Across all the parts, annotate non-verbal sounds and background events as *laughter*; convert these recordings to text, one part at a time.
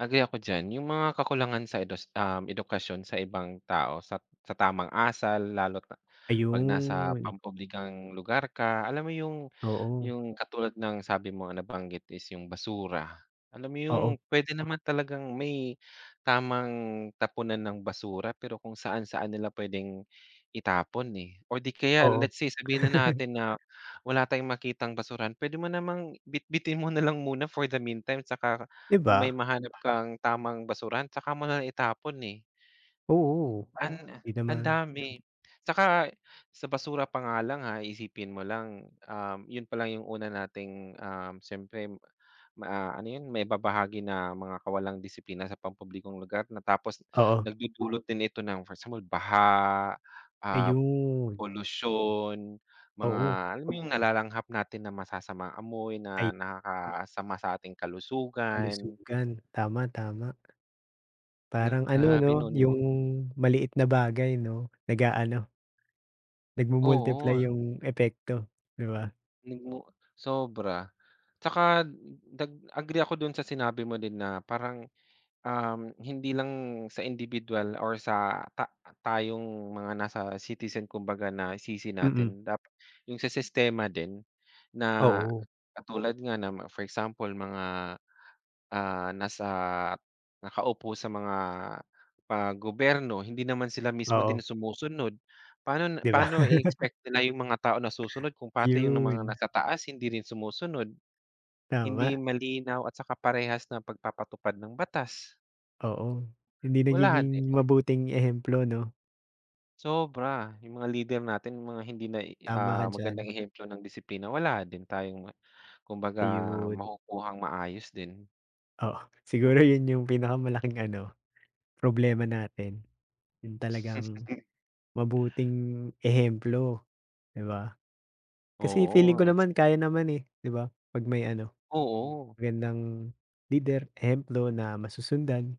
Agree ako dyan. Yung mga kakulangan sa edos um, edukasyon sa ibang tao sat sa tamang asal, lalo't, ah, 'pag nasa Ayon! pampublikong lugar ka. Alam mo yung Oo. yung katulad ng sabi mo, nabanggit is yung basura. Alam mo yung Oo. pwede naman talagang may tamang tapunan ng basura, pero kung saan-saan nila pwedeng itapon, eh. Or 'di kaya Oo. let's say, sabihin na *chuckles* natin na, wala tayong makitang basurahan, pwede mo namang bitbitin mo na lang muna for the meantime, saka 'Di kung may ba? mahanap kang tamang basuran tsaka mo nalang, itapon, eh. Oo, *unintelligible* an 'di ang naman. dami, saka sa basura pa nga lang ha, iisipin mo lang, um, yun palang yung una nating um, siyempre ma ano yun? Maibabahagi na mga kawalang disiplina sa pampublikong lugar na tapos Oo nagdudulot din ito ng for sa mud baha, ah, Ayon! polusyon, mga Oo. alam mo yung nalalanghap natin na masasamang amoy Ay na nakakasama sa ating kalusugan. Kalusugan, tama, tama. Yun, Parang ano grabe 'no, nun 'no? yung maliit na bagay 'no, nag-aano, Oo, nagmu-multiply ah. yung epekto, 'di ba? Mm. Sobra! Tsaka dag agree ako dun sa sinabi mo din na parang, um, hindi lang sa indibiduwal or sa ta tayong mga nasa citizen kumbaga na isisi Mm. natin. Dap yung sa sistema din na Oo katulad nga na ma for example mga, ah, nasa nakaupo sa mga pa gobyerno, hindi naman sila mismo din Oo. sumusunod, paano na 'Di ba? paano *laughs* i-expect nila yung mga tao na susunod kung pati yung mga Ayon! naka-taas hindi rin sumusunod? Hindi Tama! yung malinaw at saka parehas ng pagpapatupad ng batas. Oo. Hindi Wala din. nagiging mabuting ehemplo, 'no? Sobra! Yung mga lider natin, yung mga hindi nai Tama ka ah, diyan. magandang ehemplo ng disiplina, wala din tayong, ah, kumbaga Ayon. makukuhang maayos din. Oo, siguro yun yung pinakamalaking ano, problema natin, yung talagang *chuckles* mabuting ehemplo, 'di ba? Kasi feeling Oo, ko eh. naman, kaya naman, eh, 'di ba, 'pag may ano, Oo. magandang lider, ehemplo na masusundan,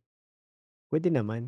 pwede naman.